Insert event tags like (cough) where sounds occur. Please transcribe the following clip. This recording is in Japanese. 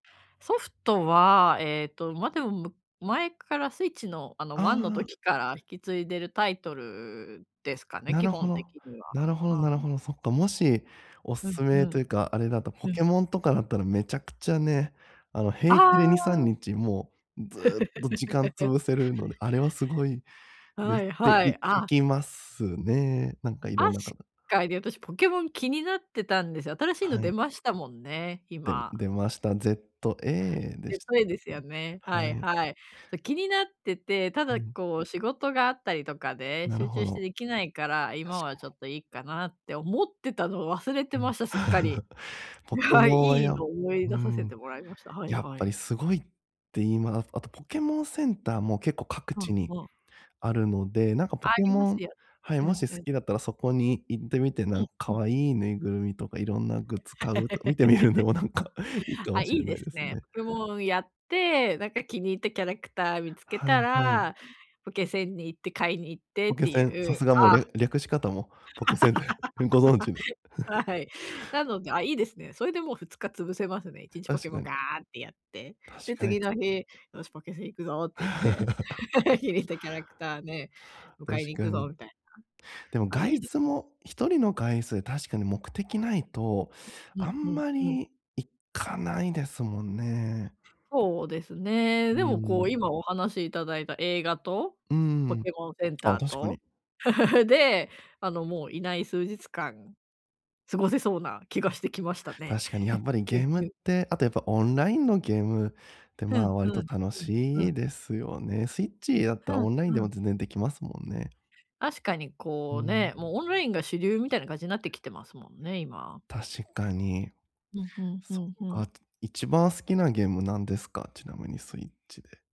ソフトは、ええと、ま、でも、む前から Switch の、あの、あワンのあ。時から引き継いでるタイトルですかね、な基ろほ本的ろ。には、なるほどなはるい。ほど。そっか、もしおうん、勧ふめとん。いうか、あれだと、ポうん。ケモンとかだったらめちゃくちゃね、あの、平気であにさんあ。にちもう、ずっと時間 (laughs) 潰せるので、あれはすごいではす。い、て、はいい、聞あきますね。なんか、いろあんなし方かいで、私ポケモン気になってたんですよ。新しいのは出い。ましたもんね、でん今。出ました ZA でしでたっといですけ？よね。はい、はい。はい。と気になってて、たうだ、ん。こう、仕事があったりとかで、なる集ほ中してど。できないから「今確はちかょに。っといいっかな」って思ってたのを忘れてうん。ました、すっかり。(laughs) ポぬケはい、モンはいいやのむを思いう出させん。てもらいました。はいやっはぱい。りすごいって言います。あとポケモンセンターも結構各う地ん、にわ。あるので、なんかポあケりまモすンよ。はい、うもん、し好うん。きだったらそこに行ってみて、なうんん、う可ん。愛いぬいぐるみとか、いろんなグッズ買うと、見てみるんでもなんか、いい (laughs) かあ、もいしれいなでいすですね。ね。ポケモンやって、なんか気に入ったキャラクター見つけはいたはい。ら、ポケセンに行って買いに行ってポっケてセいン、さう、すがもうりあゃ略し方もポケセンで、うご存知で。(laughs) (chuckles) はい。なので、あ、いいですね。それでもう2日潰せますね、1日ポケ確モかンガに。ーってやって。確で、かに、次つの日「よしポケセン行くぞ！」って言って。(laughs) 気 (laughs) にしたキャラクターで、迎確えに行かくぞに。みたいでもな。あ、い外いです。出も、一人の外出で、確かに目的ないと、うあんうんんまうん。り行かないですもんね。そうですね。うでも、こう、ん。今お話しいただいた映画とうポん。ケモンセンあ、ター確かと、に。(laughs) で、あの、もういない数日間、過ごせそうな気がしてきましたね。確かに、やっば (chuckles) りゲうんームっうん。て、あとやっぱ、オンラインのゲームって、ふまん、あ、ふ割とん、楽ふん、ふしいん。ですよね。Switch だっふたらん、オンラインふでもん。全然できますもんね。あしかに、うこう、ん。ね、もうオンラインが主流みたいな感じなってきてますもんね、今。確かに。うん、ふんふそっんふか。ん。一番好きなゲームなんですか？ちなみに Switch で。